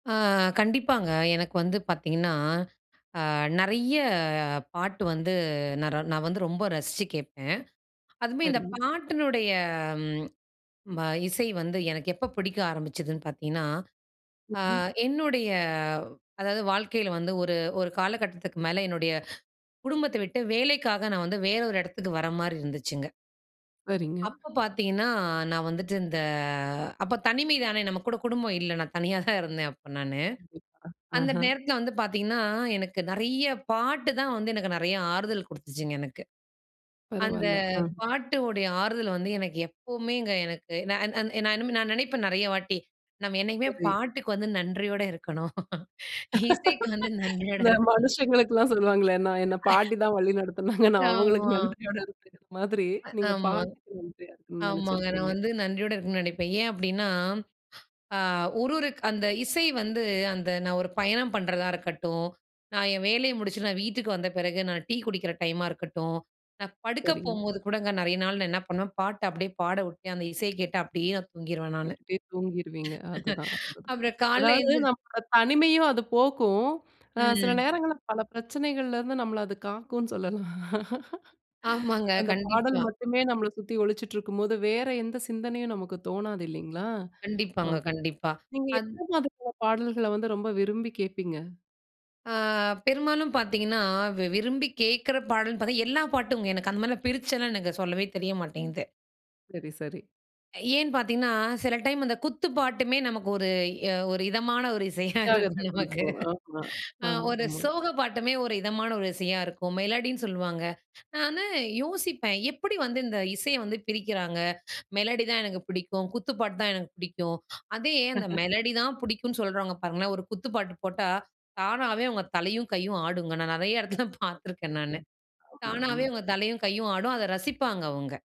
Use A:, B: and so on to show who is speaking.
A: ஆ கண்டிப்பாங்க. எனக்கு வந்து பாத்தீங்கன்னா, அ நெறைய பாட்டு வந்து நா நான் வந்து ரொம்ப ரசிச்சு கேட்பேன். அதுமே இந்த
B: சரிங்க.
A: பாட்டினுடைய ப இசை வந்து எனக்கு எப்ப பிடிக்க ஆரம்பிச்சதுன்னு பாத்தீனா, அ
B: ம்ஹ்ம்.
A: என்னுடைய வ் அதாவது வாழ்க்கைல வந்து ஒரு ஒரு காலகட்டத்துக்கு மேல என்னுடைய குடும்பத்த விட்டு வேலைக்காக நான் வந்து வேறு ஒரு இடத்துக்கு வர மாரி இருந்துச்சுங்க.
B: சரிங்க.
A: அப்போ பாத்தீங்கன்னா, நான் வந்துட்டு இந்த அப்போ தனிமை தானே, நம்ம கூட குடும்பம் இல்ல. நான் தனியா தான் இருந்தேன், அப்ப நானு.
B: கண்டிப்பா,
A: அந்த
B: ஆஹ!
A: நேரத்தில, வந்து பாத்தீங்கன்னா எனக்கு நெறைய பாட்டு தான் வந்து, எனக்கு நெறைய ஆறுதல் கொடுத்ததுச்சுங்க எனக்கு. அந்த
B: பரவால்ல. அ
A: பாட்டுடைய ஆறுதல் வந்து எனக்கு எப்பமேங்க எனக்கு நா நா நா நினைப்பேன் நெறைய வாட்டி, "நம்ம என்னைக்குமே
B: சரி.
A: பாட்டுக்கு வந்து நன்றியோட இருக்கணும்." இசைக்கு வந்து நன்றியோடு
B: இந்த
A: இருக்கணும்.
B: மனுசங்களுக்குலாம் சொல்வாங்களே. நான் என்ன பாட்டி தான் வழி நடத்துனாங்க. நான் அவங்களுக்கு
A: ஆமா.
B: நன்றியோடு இருக்ற மாதிரி
A: அ
B: நீங்க
A: ஆமா.
B: பாட்டுக்கு நன்றியா
A: ஆமாங்க. நான்
B: நெனச்சுருக்கீங்க.
A: வந்து நன்றியோடு இருக்கணுனு நினைப்பேன். ஏன் அப்படின்னா, அ ஒரு ஒரு க் அந்த இசை வந்து அந்த நான் ஒரு பயணம் பண்றதா இருக்கட்டும், நான் என் வேலைய முடிச்சுட்டு நான் வீட்டுக்கு வந்த பிறகு நான் டீ குடிக்கிற டைமா இருக்கட்டும், நான் படுக்க
B: சரிங்க.
A: போம்போது கூடங்க, நிறைய நாள் நான் என்ன பண்ணுவேன், பாட்ட அப்படியே பாடவுட்டு அந்த இசைய கேட்டு அப்படியே நான் தூங்கிருவேன் நானு.
B: கேட்டுட்டே தூங்கிருந்தவீங்க, அதுதான், அதுதான்.
A: அப்புறம் காலைல
B: அதாவது
A: எந்திரு
B: நம்ம தனிமையும் அது போக்கும் அ சில
A: ம்.
B: நேரங்கள்ல பல பிரச்சனைகள்ல இருந்து நம்மள அது காக்கும்னு சொல்லலாம்.
A: ஆமாங்க.
B: அந்த பாடல்
A: கண்டிப்பா.
B: மட்டுமே நம்மள சுத்தி ஒளிச்சிட்டு இருக்கும்போது வேற எந்த சிந்தனையும் நமக்கு தோணாது இல்லிங்களா,
A: கண்டிப்பாங்க,
B: ஓகே.
A: கண்டிப்பா.
B: நீங்க
A: அத்
B: எந்த மாதிரியான பாடல்கள வந்து ரொம்ப விரும்பி கேப்பீங்க?
A: ஆ பெரும்மாலும் பாத்தீங்கன்னா வி விரும்பி கேக்கற பாடல் பாத்தா எல்லா பாட்டுங்க. எனக்கு அந்த மாரிலாம் பிரிச்சலாம் எனக்கு சொல்லவே தெரிய மாட்டேங்குது.
B: சரி, சரி.
A: ஏன் பாத்தீங்கன்னா சில டைம் அந்த குத்து பாட்டுமே நமக்கு ஒரு அ ஒரு இதமான ஒரு இசையா
B: உற்சாகத்த
A: இருக்கும் நமக்கு.
B: குடுக்கும். ஆமா,
A: அ
B: ஆமா,
A: ஒரு
B: ஆமா.
A: சோக பாட்டுமே ஒரு இதமான ஒரு இசையா இருக்கும் மெலடின்னு சொல்லுவாங்க. நான் வந்து யோசிப்பேன், "எப்படி வந்து இந்த இசையை வந்து பிரிக்கிறாங்க, மெலடி தான் எனக்கு புடிக்கும் குத்து பாட்டுதா எனக்கு புடிக்கும்." அதே அந்த மெலடி தான் பிடிக்கும்னு சொல்றவங்க பாருங்களேன் ஒரு குத்து பாட்டு போட்டா தானாவே அவங்க தலையும் கையும் ஆடுங்க. நான் நெறைய இடத்துல
B: [unintelligible]
A: பாத்துருக்கேன்
B: கண்டிப்பா.
A: நானு
B: ஆமா,
A: தானாவே
B: ஆமா.
A: அவங்க தலையும் கையும் ஆடும், அத ரசிப்பாங்க அவுங்க.